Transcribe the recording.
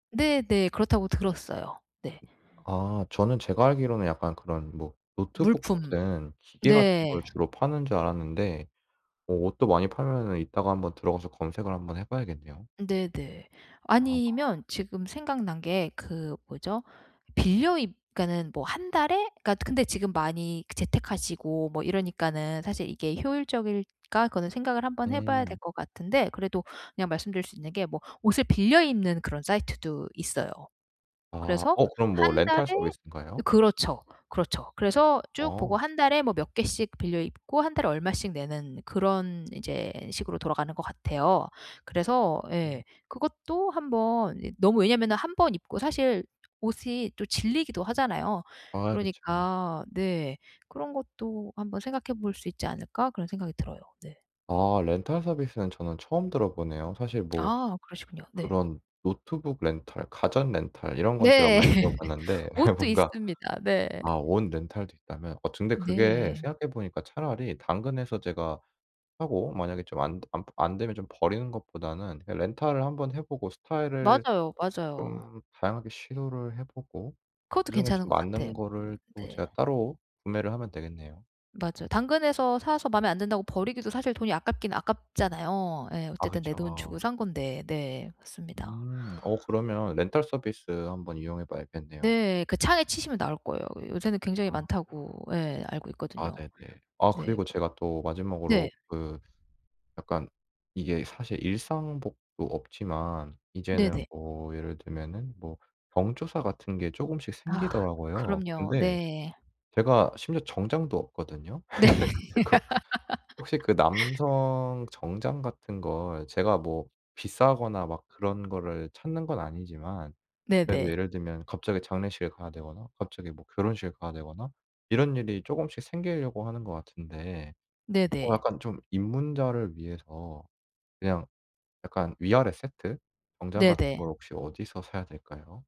네네. 그렇다고 들었어요. 네. 아 저는 제가 알기로는 약간 그런 뭐 노트북 물품. 같은 기계 같은 네. 걸 주로 파는 줄 알았는데 뭐 옷도 많이 팔면은 이따가 한번 들어가서 검색을 한번 해 봐야겠네요. 네네. 아. 아니면 지금 생각난 게 그 뭐죠? 빌려입 그니까는 뭐 1 달에 근데 지금 많이 재택 하시고 뭐 이러니까는 사실 이게 효율적일까? 그거는 생각을 한번 해 봐야 될 음. 것 같은데 그래도 그냥 말씀 드릴 수 있는 게 뭐 옷을 빌려 입는 그런 사이트도 있어요. 아 그래서 어 그럼 뭐 1 달에 렌탈 서비스인가요? 그렇죠. 그렇죠. 그래서 쭉 보고 아. 1 달에 뭐 몇 개씩 빌려 입고 1 달에 얼마씩 내는 그런 이제 식으로 돌아가는 것 같아요. 그래서 음. 예. 그것도 한번 너무 왜냐면은 1 번 입고 사실 옷이 또 질리기도 하잖아요. 아 그쵸. 그러니까 네. '그런 것도 한번 생각해 볼 수 있지 않을까?' 그런 생각이 들어요. 네. 아 렌탈 서비스는 저는 처음 들어 보네요. 사실 뭐 아 그러시군요. 네. 그런 노트북 렌탈, 가전 렌탈 이런 건 제가 네. 많이 들어 봤는데 예 옷도 뭔가 있습니다. 네. 아 옷 렌탈도 있다면 어쩌 근데 그게 네. 생각해 보니까 차라리 당근에서 제가 사고 만약에 좀 안 되 안 부 안 되면 좀 버리는 것보다는 예 렌탈을 한번 해 보고 스타일을 맞아요, 맞아요. 좀 다양하게 시도를 해 보고 그것도 그 중에 괜찮은 좀 것 같아요 맞는 거를 [unintelligible] 또 네. 제가 따로 구매를 하면 되겠네요. 맞아요. 당근에서 사서 맘에 안 든다고 버리기도 사실 돈이 아깝긴 아깝잖아요. 예. 아 어쨌든 내 돈 주고 그쵸. 산 건데. 네. 맞습니다. 음 어 그러면 렌탈 서비스 한번 이용해 봐야겠네요. 네. 그 창에 치시면 나올 거예요. 요새는 굉장히 아. 많다고 예. 알고 아 있거든요. 네네. 아 네 그리고 제가 또 그 네. 마지막으로 그 약간 이게 사실 일상복도 없지만 이제는 네네. 뭐 예를 들면은 뭐 경조사 같은 게 조금씩 아 생기더라고요. 그럼요. 근데 네. 제가 심지어 정장도 없거든요. 네. 그래가지고 혹시 그 남성 정장 같은 걸 제가 뭐 비싸거나 막 그런 거를 찾는 건 아니지만 그래도 네네. 예를 들면 갑자기 장례식에 가야 되거나 갑자기 뭐 결혼식에 가야 되거나 이런 일이 조금씩 생기려고 하는 것 같은데 뭐 네네. 약간 좀 입문자를 위해서 그냥 약간 위 아래 세트 정장 같은 네네. 거 혹시 어디서 사야 될까요?